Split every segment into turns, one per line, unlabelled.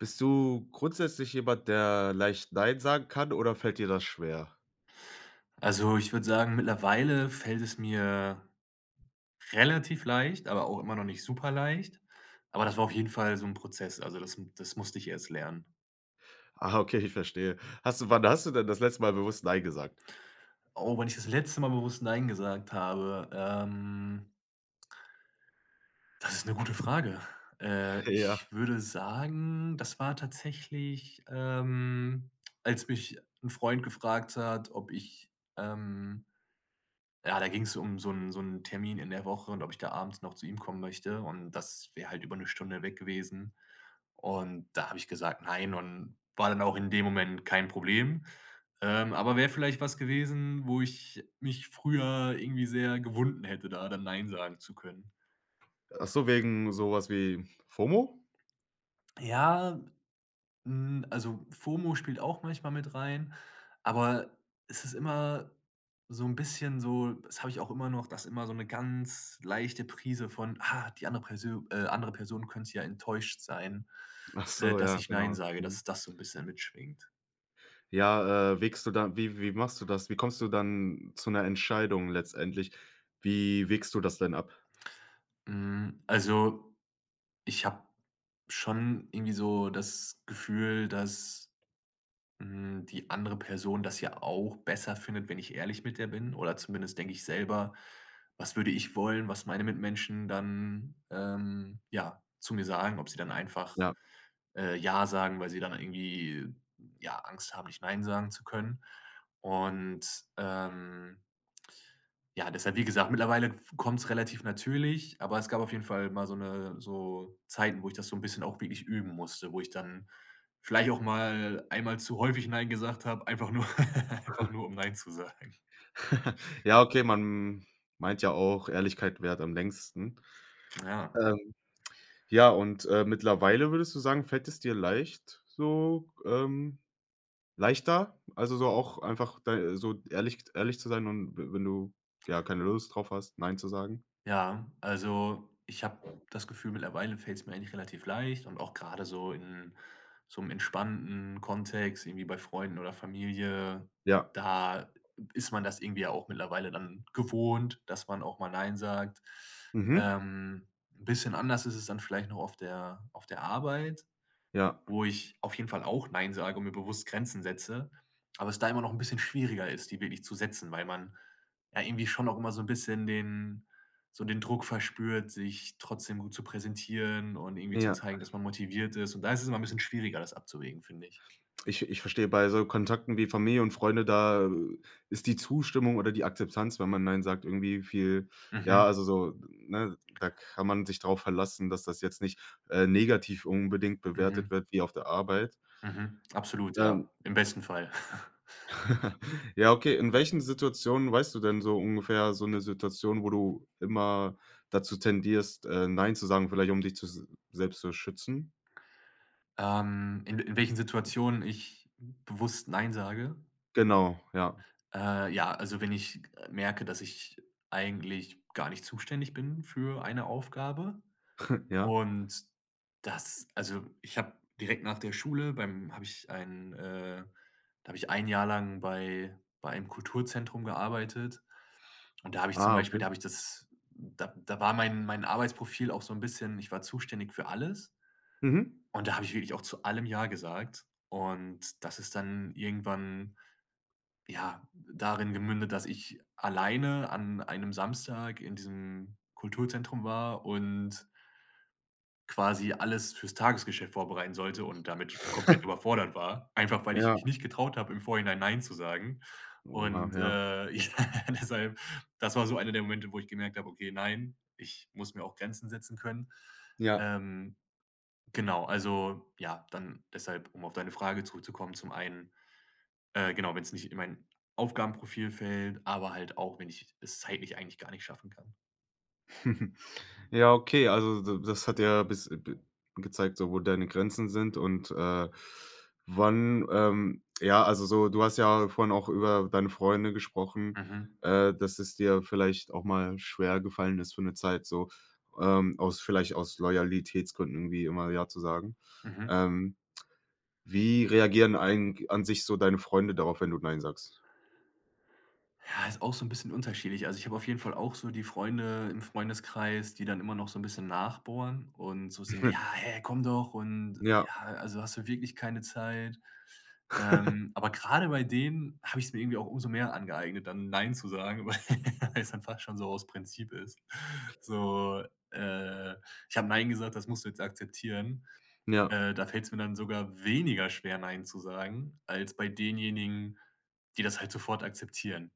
Bist du grundsätzlich jemand, der leicht nein sagen kann oder fällt dir das schwer?
Also, ich würde sagen, mittlerweile fällt es mir relativ leicht, aber auch immer noch nicht super-leicht. Aber das war auf jeden Fall so 'n Prozess. Also, das m das musste ich erst lernen.
Ah, okay, ich verstehe. Hast du wann hast du denn das letzte Mal bewusst nein gesagt?
Oh, wann ich das letzte Mal bewusst nein gesagt habe, ähm das ist 'ne gute Frage. Äh, ich
Ja.
würde sagen, das war tatsächlich, ähm, als mich 'n Freund gefragt hat, ob ich ähm ja, da ging es um so 'n so 'n Termin in der Woche und ob ich da abends noch zu ihm kommen möchte und das wäre halt über 'ne Stunde weg gewesen. Und da habe ich gesagt: „Nein“, und war dann auch in dem Moment kein Problem. Ähm, aber wäre vielleicht was gewesen, wo ich mich früher irgendwie sehr gewunden hätte, da dann nein sagen zu können.
Ach so wegen so was wie Fomo?
Ja, hm, also, Fomo spielt auch manchmal mit rein, aber es ist immer so 'n bisschen so das habe ich auch immer noch, dass immer so 'ne ganz leichte Prise von: „Ah, die andere Persö äh andere Person könnte ja enttäuscht sein,
Ach
äh,
so,
dass
ja,
ich nein
genau.
sage.“
Mhm.
Dass das so 'n bisschen mitschwingt.
Ja, äh, wägst du da wie wie machst du das? Wie kommst du dann zu 'ner Entscheidung letztendlich? Wie wägst du das denn ab?
Mhm. Also, ich habe schon irgendwie so das Gefühl, dass, hm, die andere Person das ja auch besser findet, wenn ich ehrlich mit der bin oder zumindest denke ich selber: „Was würde ich wollen, was meine Mitmenschen dann, ähm, ja, zu mir sagen, ob sie dann einfach,
Ja.
äh, ja sagen, weil sie dann irgendwie ja, Angst haben, nicht nein sagen zu können.“ Und ähm ja, deshalb, wie gesagt, mittlerweile f kommt es relativ natürlich, aber es gab auf jeden Fall mal so 'ne so Zeiten, wo ich das so 'n bisschen auch wirklich üben musste, wo ich dann vielleicht auch mal einmal zu häufig nein gesagt habe, einfach nur einfach nur, um nein zu sagen.
Ja, okay, man meint ja auch, Ehrlichkeit währt am längsten.
Na ja.
Ähm. Ja, und, äh, mittlerweile würdest du sagen, fällt es dir leicht, so, ähm leichter? Also, so auch einfach d so ehrlich ehrlich zu sein und w wenn du, ja, keine Lust drauf hast, nein zu sagen.
Ja, also, ich habe das Gefühl, mittlerweile fällt es mir eigentlich relativ leicht und auch grade so in so im entspannten Kontext, irgendwie bei Freunden oder Familie,
Ja.
da ist man das irgendwie ja auch mittlerweile dann gewohnt, dass man auch mal nein sagt.
Mhm.
Ähm. Bisschen anders ist es dann vielleicht noch auf der auf der Arbeit,
Ja.
wo ich auf jeden Fall auch nein sage und mir bewusst Grenzen setze, aber es da immer noch 'n bisschen schwieriger ist, die wirklich zu setzen, weil man ja irgendwie schon auch immer so 'n bisschen den so den Druck verspürt, sich trotzdem gut zu präsentieren und irgendwie zu
Ja.
zeigen, dass man motiviert ist und da ist es immer 'n bisschen schwieriger, das abzuwägen, finde ich.
Ich ich verstehe bei so Kontakten wie Familie und Freunde, da ist die Zustimmung oder die Akzeptanz, wenn man nein sagt, irgendwie viel ja,
Mhm.
also so, ne, da kann man sich drauf verlassen, dass das jetzt nicht, äh, negativ unbedingt bewertet
Mhm.
wird, wie auf der Arbeit.
Mhm. Absolut,
Ähm.
ja. Im besten Fall.
Ja, okay. In welchen Situationen weißt du denn so ungefähr so 'ne Situation, wo du immer dazu tendierst, äh, nein zu sagen, vielleicht um dich zu s selbst zu schützen?
Ähm. In in welchen Situationen ich bewusst nein sage?
Genau, ja.
Äh, ja, also, wenn ich merke, dass ich eigentlich gar nicht zuständig bin für eine Aufgabe
Ja.
und das also, ich habe direkt nach der Schule beim habe ich ein, äh da habe ich 1 Jahr lang bei bei einem Kulturzentrum gearbeitet und da habe ich zum
Ah
Beispiel da
okay.
habe ich das da da war mein mein Arbeitsprofil auch so 'n bisschen, ich war zuständig für alles.
Mhm.
Und da habe ich wirklich auch zu allem ja gesagt. Und das ist dann irgendwann, ja, darin gemündet, dass ich alleine an einem Samstag in diesem Kulturzentrum war und quasi alles fürs Tagesgeschäft vorbereiten sollte und damit komplett überfordert war. Einfach, weil ich mich
Ja.
nicht getraut habe, im Vorhinein nein zu sagen.
Oha,
Und,
ja.
äh, ja, deshalb, das war so einer der Momente, wo ich gemerkt habe: „Okay, nein, ich muss mir auch Grenzen setzen können.“
Ja.
Ähm. Genau, also ja, dann deshalb, um auf deine Frage zurückzukommen, zum einen äh, genau, wenn es nicht in mein Aufgabenprofil fällt, aber halt auch, wenn ich es zeitlich eigentlich gar nicht schaffen kann.
Ja, okay, also d d das hat ja bis bi bi gezeigt, so wo deine Grenzen sind und, äh, wann ähm, ja, also, so du hast ja vorhin auch über deine Freunde gesprochen,
Mhm.
äh, dass es dir vielleicht auch mal schwergefallen ist für 'ne Zeit so, ähm, aus vielleicht aus Loyalitätsgründen wie immer „ja“ zu sagen.
Mhm.
Ähm, wie reagieren eigen an sich so deine Freunde darauf, wenn du „Nein“ sagst?
Ja, ist auch so 'n bisschen unterschiedlich. Also, ich habe auf jeden Fall auch so die Freunde im Freundeskreis, die dann immer noch so 'n bisschen nachbohren und so sind: „Ja, hä, komm doch und,
Ja.
ja, also, hast du wirklich keine Zeit?“ Ähm, aber gerade bei denen hab ich's mir irgendwie auch umso mehr angeeignet, dann „Nein“ zu sagen, weil weil es dann schon so aus Prinzip ist. So, äh: „Ich habe 'Nein' gesagt, das musst du jetzt akzeptieren.“
Ja.
Äh, da fällt's mir dann sogar weniger schwer, „Nein“ zu sagen, als bei denjenigen, die das halt sofort akzeptieren.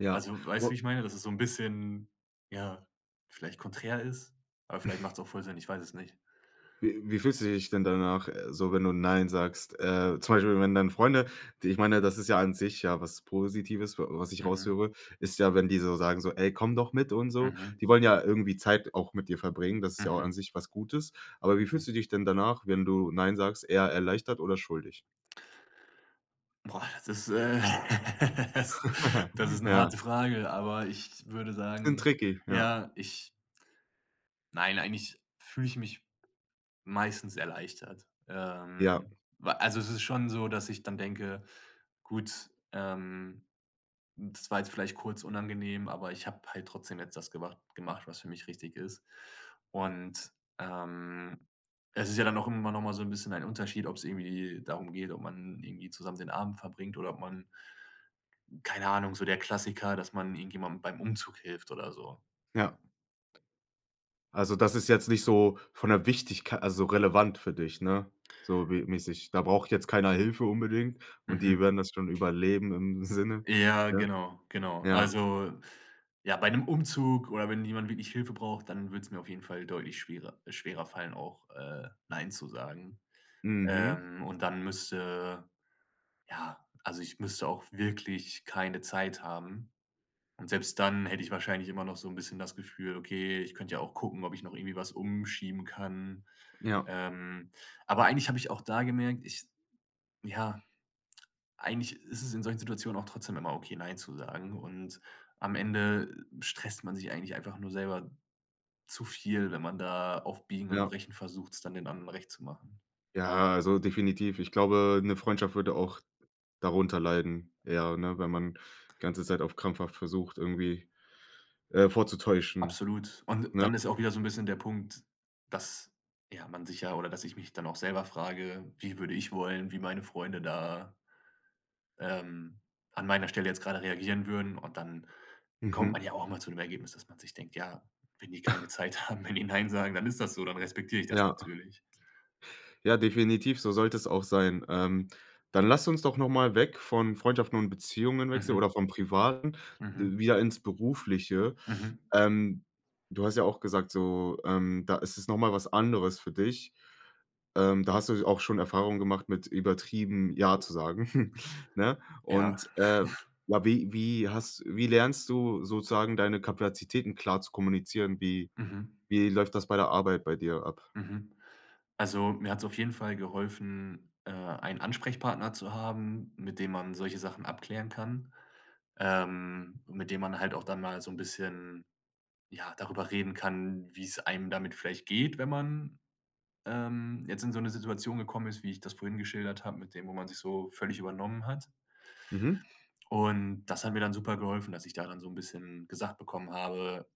Ja,
Also, weißt du, wie
u
ich meine? Das ist so 'n bisschen, ja, vielleicht konträr ist? Aber vielleicht macht's auch voll Sinn, ich weiß es nicht.
Wie wie fühlst du dich denn danach, äh, so, wenn du nein sagst? Äh, zum Beispiel, wenn deine Freunde ich meine, das ist ja an sich ja was Positives, wa was ich
Mhm.
raushöre, ist ja, wenn die so sagen so: „Ey, komm doch mit und so.“
Mhm.
Die wollen ja irgendwie Zeit auch mit dir verbringen. Das ist ja auch
Mhm.
an sich was Gutes. Aber wie
Mhm.
fühlst du dich denn danach, wenn du „nein“ sagst, eher erleichtert oder schuldig?
Boah, das ist, äh, das das ist 'ne
Ja.
harte Frage, aber ich würde
[unintelligible]
sagen,
tricky, ja.
ja, ich Nein, eigentlich fühle ich mich meistens erleichtert.
Ja.
Ähm, wa also es ist schon so, dass ich dann denke: „Gut, ähm, das war jetzt vielleicht kurz unangenehm, aber ich habe halt trotzdem jetzt das gemacht gemacht, was für mich richtig ist.“ Und, ähm, es ist ja dann auch immer noch mal so 'n bisschen ein Unterschied, ob's irgendwie darum geht, ob man irgendwie zusammen den Abend verbringt oder ob man keine Ahnung, so der Klassiker, dass man irgendjemanden beim Umzug hilft oder so.
Ja. Also, das ist jetzt nicht so von der Wichtigk also, relevant für dich, ne? So wie mäßig: „Da braucht jetzt keiner Hilfe unbedingt und die
Mhm.
werden das schon überleben“, im Sinne,
Ja,
ja?
genau, genau.
Ja.
Also, ja, bei 'nem Umzug oder wenn jemand wirklich Hilfe braucht, dann würd's mir auf jeden Fall deutlich schwerer äh, schwerer fallen auch, äh, nein zu sagen.
Mhm.
Ähm, und dann müsste ja, also ich müsste auch wirklich keine Zeit haben. Und selbst dann hätte ich wahrscheinlich immer noch so 'n bisschen das Gefühl: „Okay, ich könnte ja auch gucken, ob ich noch irgendwie was umschieben kann.“
Ja.
Ähm, aber eigentlich habe ich auch da gemerkt, ich ja, eigentlich ist es in solchen Situationen auch trotzdem immer okay, nein zu sagen und am Ende stresst man sich eigentlich einfach nur selber zu viel, wenn man da auf Biegen und
Ja.
Brechen versucht, es dann den anderen Recht zu machen.
Ja, also definitiv. Ich glaube, 'ne Freundschaft würde auch darunter leiden. Ja, ne, wenn man ganze Zeit auf krampfhaft versucht, irgendwie, äh, vorzutäuschen,
Absolut. Und
ne?
dann ist auch wieder so 'n bisschen der Punkt, dass, ja, man sich ja oder dass ich mich dann auch selber frage: „Wie würde ich wollen, wie meine Freunde da“ „ähm, an meiner Stelle jetzt grade reagieren würden?“ Und dann kommt
Mhm.
man ja auch immer zu 'nem Ergebnis, dass man sich denkt: „Ja, wenn die keine Zeit haben, wenn die 'Nein' sagen, dann ist das so, dann respektiere ich das
Ja.
natürlich.“
Ja, definitiv, so sollte es auch sein. Ähm, dann lass uns doch noch mal weg von Freundschaften und Beziehungen wechseln,
Mhm.
oder vom Privaten,
Mhm.
wieder ins Berufliche.
Mhm.
Ähm, du hast ja auch gesagt, so, ähm, da ist es noch mal was anderes für dich. Ähm, da hast s du auch schon Erfahrungen gemacht mit übertrieben „ja“ zu sagen, ne?
Ja.
Und, äh, ja, wie wie hast wie lernst du sozusagen deine Kapazitäten klar zu kommunizieren? Wie
Mhm.
wie läuft das bei der Arbeit bei dir ab?
Mhm. Also, mir hat's auf jeden Fall geholfen, äh, einen Ansprechpartner zu haben, mit dem man solche Sachen abklären kann, ähm, mit dem man halt auch dann mal so 'n bisschen, ja, darüber reden kann, wie's einem damit vielleicht geht, wenn man, ähm, jetzt in so 'ne Situation gekommen ist, wie ich das vorhin geschildert habe mit dem, wo man sich so völlig übernommen hat.
Mhm.
Und das hat mir dann super geholfen, dass ich da dann so 'n bisschen gesagt bekommen habe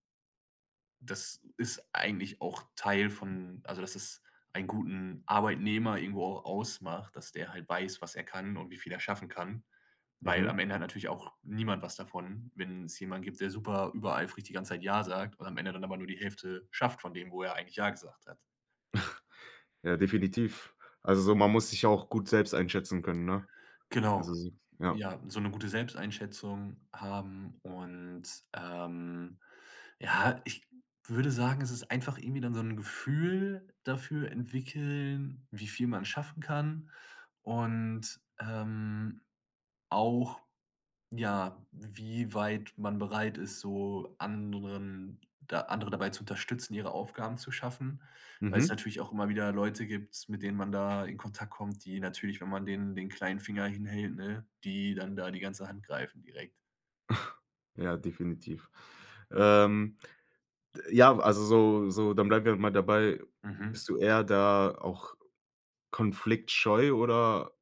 das ist eigentlich auch Teil von also dass es einen guten Arbeitnehmer irgendwo auch ausmacht, dass der halt weiß, was er kann und wie viel er schaffen kann, weil am
Mhm.
Ende hat natürlich auch niemand was davon, wenn's jemanden gibt, der super übereifrig die ganze Zeit „ja“ sagt und am Ende dann aber nur die Hälfte schafft von dem, wo er eigentlich „ja“ gesagt hat.
Ja, definitiv. Also so man muss sich ja auch gut selbst einschätzen können, ne? Also
Genau,
s ja.
ja, so 'ne gute Selbsteinschätzung haben und, ähm, ja, ich würde sagen, es ist einfach irgendwie dann so 'n Gefühl dafür entwickeln, wie viel man schaffen kann und, ähm, auch, ja, wie weit man bereit ist, so anderen da andere dabei zu unterstützen, ihre Aufgaben zu schaffen, weil's
Mhm.
natürlich auch immer wieder Leute gibt, mit denen man da in Kontakt kommt, die natürlich, wenn man denen den kleinen Finger hinhält, ne, die dann da die ganze Hand greifen direkt.
Ja, definitiv. Ähm, d ja, also, so so, dann bleiben wir mal dabei,
Mhm.
bist du eher da auch konfliktscheu oder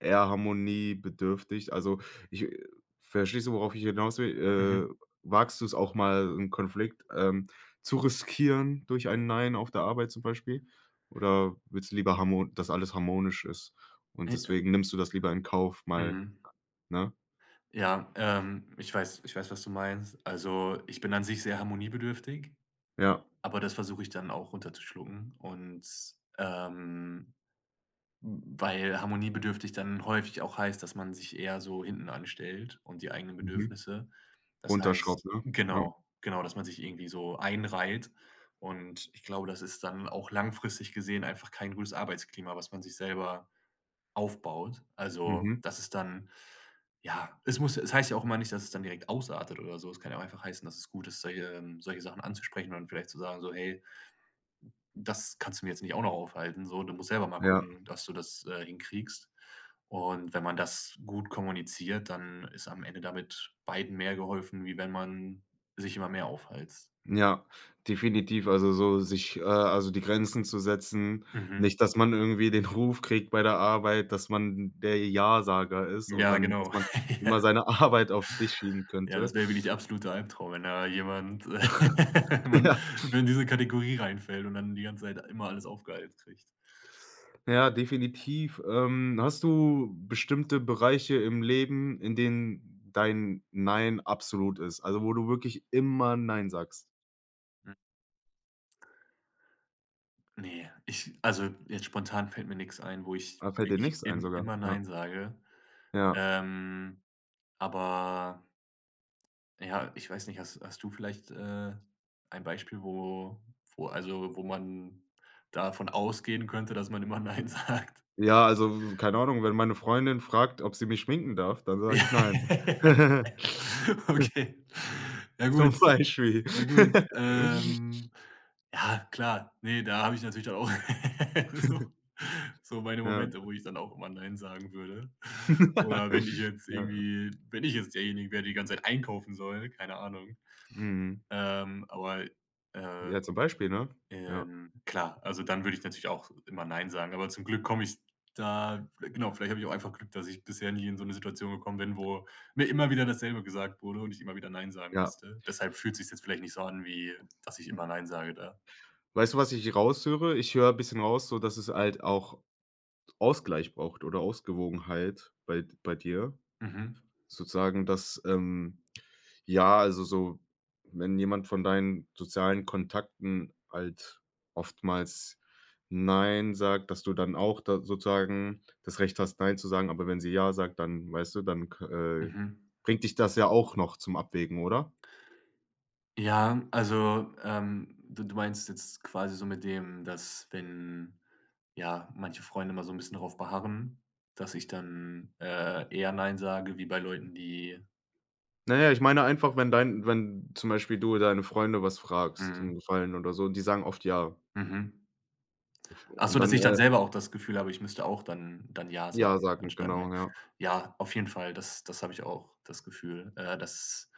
eher harmoniebedürftig? Also ich, äh verstehst du, worauf ich hinaus
Mhm.
will? Äh, wagst du es auch mal, 'n Konflikt, ähm, zu riskieren durch ein „Nein“ auf der Arbeit zum Beispiel? Oder willst du lieber harmon dass alles harmonisch ist? Und
Eh, ä
deswegen nimmst du das lieber in Kauf, mal,
Mhm.
ne?
Ja, ähm, ich weiß ich weiß, was du meinst. Also, ich bin an sich sehr harmoniebedürftig,
Ja.
aber das versuche ich dann auch, runterzuschlucken. Und, ähm, hm, weil harmoniebedürftig dann häufig auch heißt, dass man sich eher so hinten anstellt und die eigenen
Mhm.
Bedürfnisse. Das
Runterschraubt,
heißt
ne? Ja.
genau, genau, dass man sich irgendwie so einreiht. Und ich glaube, das ist dann auch langfristig gesehen einfach kein gutes Arbeitsklima, was man sich selber aufbaut. Also,
Mhm.
das ist dann ja, es muss es heißt ja auch immer nicht, dass es dann direkt ausartet oder so. Es kann ja auch einfach heißen, dass es gut ist, solche ähm, solche Sachen anzusprechen und vielleicht zu sagen so: „Hey“ „das kannst du mir jetzt nicht auch noch aufhalsen so. Du musst selber mal
Ja.
gucken, dass du das, äh, hinkriegst.“ Und wenn man das gut kommuniziert, dann ist am Ende damit beiden mehr geholfen, wie wenn man sich immer mehr aufhalst.
Ja, definitiv. Also so sich, äh, also die Grenzen zu setzen.
Mhm.
Nicht, dass man irgendwie den Ruf kriegt bei der Arbeit, dass man der Ja-Sager ist und
Ja,
dann dass
genau.
man immer seine Arbeit auf dich schieben
Ja,
könnte.
das wäre wirklich der absolute Albtraum, wenn da jemand, wenn man
Ja.
in diese Kategorie reinfällt und dann die ganze Zeit immer alles aufgehalst kriegt.
Ja, definitiv. Ähm, hast du bestimmte Bereiche im Leben, in denen dein „Nein“ absolut ist? Also wo du wirklich immer „Nein“ sagst?
Hm. Ne, ich also, jetzt spontan fällt mir nix ein, wo ich,
Da fällt dir
wirklich
nichts ein
im
sogar?
immer
Ja.
nein sage.
Ja.
Ähm. Aber ja, ich weiß nicht, hast hast du vielleicht, äh, ein Beispiel, wo wo also, wo man davon ausgehen könnte, dass man immer nein sagt?
Ja, also, w w keine Ahnung, wenn meine Freundin fragt, ob sie mich schminken darf, dann sage ich nein.
Okay. Ja
Zum
gut.
Beispiel.
Ja gut. Ähm. Ja, klar. Ne, da habe ich natürlich dann auch so so meine
Ja.
Momente, wo ich dann auch immer nein sagen würde. Oder wenn ich jetzt
Ja.
irgendwie wenn ich jetzt derjenigen wäre, der die ganze Zeit einkaufen soll, keine Ahnung.
Mhm.
Ähm, aber äh,
Ja, zum Beispiel, ne? Ja.
ähm, klar, also, dann würde ich natürlich auch immer nein sagen. Aber zum Glück komme ich da genau, vielleicht habe ich auch einfach Glück, dass ich bisher nie in so 'ne Situation gekommen bin, wo mir immer wieder dasselbe gesagt wurde und ich immer wieder nein sagen
Ja.
musste. Deshalb fühlt sich es jetzt vielleicht nicht so an, wie, dass ich immer nein sage da.
Weißt du, was ich raushöre? Ich höre 'n bisschen raus, sodass es halt auch Ausgleich braucht oder Ausgewogenheit bei d bei dir.
Mhm.
Sozusagen, dass, ähm ja, also so, wenn jemand von deinen sozialen Kontakten halt oftmals nein sagt, dass du dann auch da sozusagen das Recht hast, nein zu sagen. Aber wenn sie ja sagt, dann weißt du, dann k äh,
Mhm.
bringt dich das ja auch noch zum Abwägen, oder?
Ja, also, ähm, du du meinst jetzt quasi so mit dem, dass wenn ja, manche Freunde immer so 'n bisschen drauf beharren, dass ich dann, äh, eher nein sage wie bei Leuten, die
Na ja, ich meine einfach, wenn dein wenn zum Beispiel du deine Freunde was fragst, 'n
Mhm.
Gefallen oder so, und die sagen oft ja
Mhm.
F
Ach
und
so, dass
dann,
ich dann
äh
selber auch das Gefühl habe, ich müsste auch dann dann ja
ja
sagen,
sagen,
anstatt, ne.
genau, ja.
Ja, auf jeden Fall, das das habe ich auch, das Gefühl, äh, dass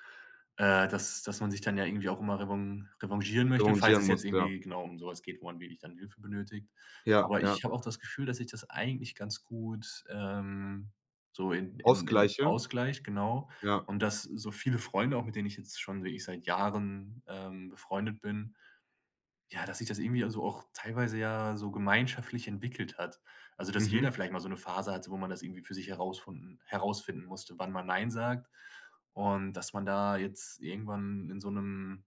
äh, dass dass man sich dann ja irgendwie auch immer revan revanchieren möchte, falls
Revanchieren
es jetzt
musst, ja.
irgendwie genau, um so was geht, wo man wirklich dann Hilfe benötigt.
Ja,
Aber
ja.
ich habe auch das Gefühl, dass ich das eigentlich ganz gut, ähm, so in in in
Ausgleiche?
ausgleiche, genau.
Ja.
Und dass so viele Freunde, auch mit denen ich jetzt schon wirklich seit Jahren, ähm, befreundet bin, ja, dass sich das irgendwie, also, auch teilweise ja so gemeinschaftlich entwickelt hat. Also, dass
Mhm.
jeder vielleicht mal so 'ne Phase hatte, wo man das irgendwie für sich herausfinden- herausfinden musste, wann man nein sagt. Und dass man da jetzt irgendwann in so 'nem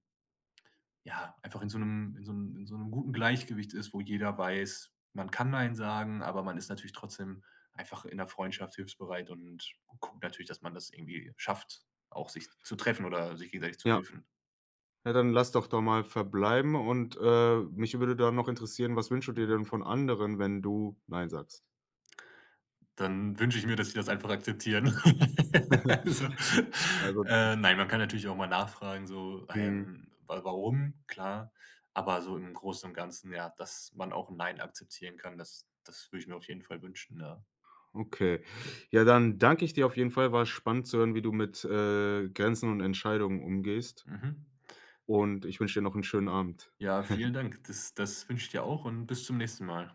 ja, einfach in so 'nem in so 'n in so 'nem guten Gleichgewicht ist, wo jeder weiß, man kann nein sagen, aber man ist natürlich trotzdem einfach in 'ner Freundschaft hilfsbereit und guckt natürlich, dass man das irgendwie schafft, auch sich zu treffen oder sich gegenseitig zu
Ja.
helfen.
Ja, dann lass doch da mal verbleiben und, äh, mich würde da noch interessieren, was wünschst du dir
Mhm.
denn von anderen, wenn du nein sagst?
Dann wünsche ich mir, dass sie das einfach akzeptieren. Also,
N Also
äh, nein, man kann natürlich auch mal nachfragen so:
Mhm.
„Ähm, wa warum?“, klar, aber so im Großen und Ganzen, ja, dass man auch 'n Nein akzeptieren kann, das das würde ich mir auf jeden Fall wünschen, ja.
Okay. Ja, dann danke ich dir auf jeden Fall. War spannend zu hören, wie du mit, äh, Grenzen und Entscheidungen umgehst.
Mhm. Ja.
Und ich wünsche dir noch 'n schönen Abend.
Ja, vielen Dank. Das das wünsche ich dir auch und bis zum nächsten Mal.